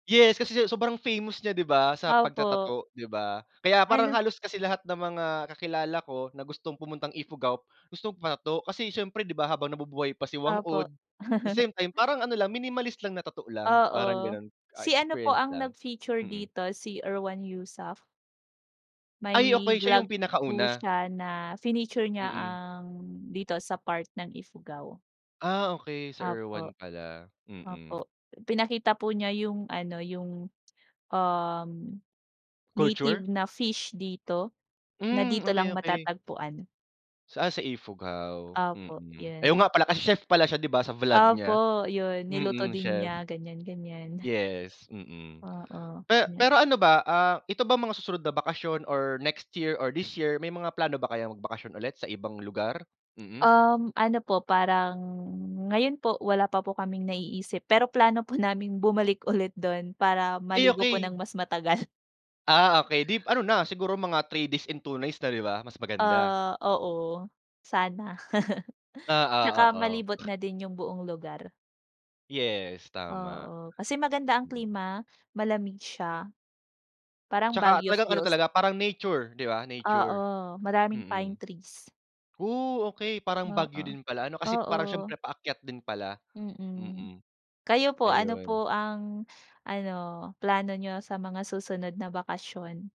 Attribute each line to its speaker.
Speaker 1: Yes, kasi sa sobrang famous niya 'di ba sa
Speaker 2: Opo.
Speaker 1: pagta-tattoo 'di ba? Kaya parang
Speaker 2: Ano
Speaker 1: halos kasi lahat ng mga kakilala ko na gustong pumuntang Ifugao gustong magpa-tattoo kasi siyempre 'di ba, habang nabubuhay pa si Whang
Speaker 2: Opo.
Speaker 1: Od, at the same time parang ano lang minimalist lang na tattoo lang, parang
Speaker 2: Oo.
Speaker 1: gano'n, ah,
Speaker 2: Si ano po
Speaker 1: experience
Speaker 2: ang
Speaker 1: lang.
Speaker 2: nag-feature
Speaker 1: Mm.
Speaker 2: dito si Erwan Heussaff.
Speaker 1: Ay okey,
Speaker 2: May
Speaker 1: siya yung
Speaker 2: vlog po
Speaker 1: pinakauna?
Speaker 2: siya na fineature niya
Speaker 1: Mm.
Speaker 2: ang dito sa part ng Ifugao.
Speaker 1: Ah, okey si Erwan
Speaker 2: Opo.
Speaker 1: pala, mm.
Speaker 2: Opo, pinakita po niya yung ano, yung, um,
Speaker 1: Culture?
Speaker 2: native na fish dito, na
Speaker 1: Hmm,
Speaker 2: dito
Speaker 1: okey,
Speaker 2: lang
Speaker 1: okey.
Speaker 2: matatagpuan.
Speaker 1: Saan sa Ifugao?
Speaker 2: Opo,
Speaker 1: Mm, ay oo
Speaker 2: 'yun.
Speaker 1: nga pala kasi chef pala siya 'di ba sa vlog niya?
Speaker 2: Opo, 'yun niluto
Speaker 1: Mm,
Speaker 2: din
Speaker 1: chef.
Speaker 2: niya, ganyan-ganyan.
Speaker 1: Yes, mm.
Speaker 2: Oo,
Speaker 1: Pe
Speaker 2: yun nga.
Speaker 1: pero ano ba, ah, ito ba mga susunod na bakasyon or next year, or this year may mga plano ba kayong magbakasyon ulit sa ibang lugar? Mm.
Speaker 2: Um, ano po parang ngayon po wala pa po kaming naiisip pero plano po naming bumalik ulit do'n para
Speaker 1: Ay,
Speaker 2: maligo po ng
Speaker 1: okey.
Speaker 2: mas matagal.
Speaker 1: Ah, okey dip ano na siguro mga 3 days and 2 nights na 'di ba mas maganda.
Speaker 2: Ah, oo. Sana.
Speaker 1: Oo,
Speaker 2: 'Tsaka malibot
Speaker 1: oo.
Speaker 2: na din yung buong lugar.
Speaker 1: Yes, tama.
Speaker 2: Oo, kasi maganda ang
Speaker 1: Mm.
Speaker 2: klima, malamig siya. Parang
Speaker 1: 'Tsaka
Speaker 2: Baguio
Speaker 1: talagang ano
Speaker 2: feels.
Speaker 1: talaga parang nature, 'di ba? Nature.
Speaker 2: Oo, maraming pine
Speaker 1: Mm.
Speaker 2: trees.
Speaker 1: O, okey parang Baguio
Speaker 2: Oo,
Speaker 1: din pala ano kasi parang
Speaker 2: oo.
Speaker 1: siyempre paakyat din pala,
Speaker 2: Mm.
Speaker 1: mm.
Speaker 2: Kayo po ano
Speaker 1: Ayun.
Speaker 2: po ang ano plano niyo sa mga susunod na bakasyon?